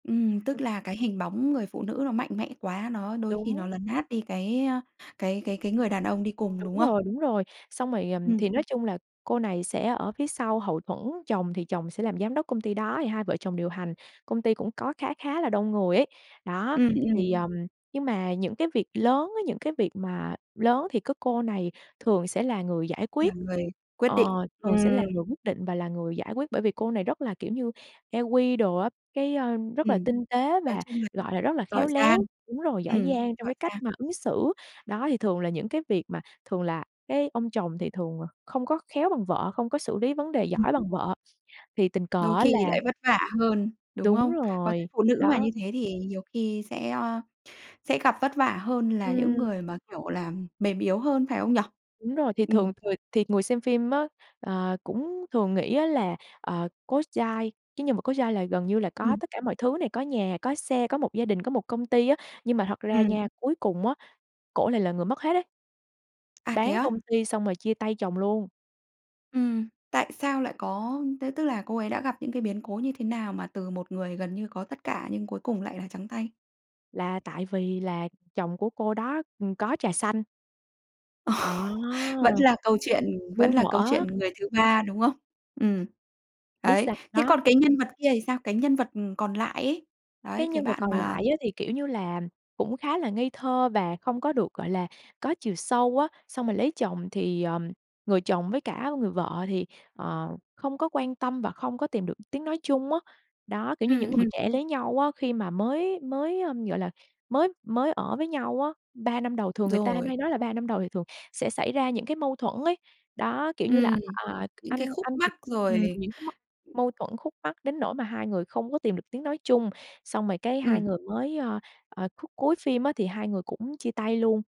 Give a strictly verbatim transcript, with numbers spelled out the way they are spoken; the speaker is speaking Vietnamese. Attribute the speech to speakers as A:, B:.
A: Ừm, tức là cái hình bóng người phụ nữ nó mạnh mẽ quá, nó đôi khi nó
B: Đúng.
A: lấn át đi cái, a, cái cái cái người đàn ông đi cùng, đúng
B: Đúng
A: không?
B: rồi, đúng rồi, xong rồi, ừm,
A: Ừm.
B: thì nói chung là cô này sẽ ở phía sau hậu thuẫn, chồng thì chồng sẽ làm giám đốc công ty, đó, thì hai vợ chồng điều hành. Công ty cũng có khá khá là đông người ấy. Đó,
A: Ừm, ừm.
B: thì, ờm, nhưng mà những cái việc lớn á những cái việc mà lớn thì cứ cô này thường sẽ là người giải
A: Là
B: quyết,
A: người quyết
B: ờ,
A: định,
B: thường sẽ
A: ừm.
B: là người quyết định và là người giải quyết bởi vì cô này rất là kiểu như E-Q đồ á, cái, ơ, rất là
A: Ừm,
B: tinh tế
A: nói
B: và,
A: chung là
B: gọi là, rất là
A: giỏi
B: khéo léo
A: giang.
B: đúng rồi, giỏi
A: Ừm,
B: giang trong
A: giỏi
B: cái cách
A: giang.
B: mà ứng xử. Đó thì thường là những cái việc mà thường là cái ông chồng thì thường không có khéo bằng vợ, không có xử lý vấn đề
A: Ừm.
B: giỏi bằng vợ. Thì tình cờ
A: Đôi
B: á là
A: khi lại vất vả hơn, đúng
B: Đúng
A: không? Có thể
B: rồi,
A: phụ nữ mà
B: đó.
A: như thế thì nhiều khi sẽ, ờ, sẽ gặp vất vả hơn là những
B: Ừm.
A: người mà, kiểu là, mềm yếu hơn phải không nhỉ?
B: Đúng rồi, thì
A: Ừm.
B: thường người thì người xem phim á, ờ, cũng thường nghĩ á là, ờ, Cố Giai cái nhân vật Cố Giai là gần như là có
A: Ừm.
B: tất cả mọi thứ này, có nhà, có xe, có một gia đình, có một công ty á, nhưng mà thật ra
A: Ừm.
B: nha, cuối cùng á, cổ lại là người mất hết đấy.
A: À, thế
B: Bán
A: á?
B: công ty xong rồi chia tay chồng luôn.
A: Ừm. Tại sao lại có thế tức là cô ấy đã gặp những cái biến cố như thế nào mà từ một người gần như có tất cả nhưng cuối cùng lại là trắng tay?
B: Là tại vì là chồng của cô đó, ừm, có trà xanh.
A: Ồ,
B: À,
A: vẫn là câu chuyện vẫn
B: muôn
A: là câu
B: thuở.
A: chuyện người thứ ba, đúng không? Ừm.
B: Biết
A: Đấy.
B: sao
A: Thế
B: có
A: còn cái nhân vật kia thì sao? Cái nhân vật, ừm, còn lại ấy.
B: Cái
A: Đấy, cái
B: nhân vật
A: bạn
B: còn
A: mà
B: lại á thì, kiểu như là, cũng khá là ngây thơ và không có được, gọi là, có chiều sâu á, xong rồi lấy chồng thì, ờm, người chồng với cả người vợ thì, ờ, không có quan tâm và không có tìm được tiếng nói chung á. Đó, kiểu, như những
A: Ừm,
B: người
A: ừm.
B: trẻ lấy nhau á, khi mà mới mới, ờm, gọi là, mới mới ở với nhau á, ba năm đầu thường người ta
A: Rồi.
B: hay nói là ba năm đầu thì thường sẽ xảy ra những cái mâu thuẫn ấy. Đó, kiểu như là,
A: Ừm,
B: à,
A: những cái
B: anh
A: khúc
B: anh
A: mắc,
B: thì ừm,
A: rồi.
B: những cái mâu mâu thuẫn khúc mắc đến nỗi mà hai người không có tìm được tiếng nói chung. Xong rồi cái hai
A: Ừm.
B: người mới, ơ, ờ, khúc cuối phim á thì hai người cũng chia tay luôn.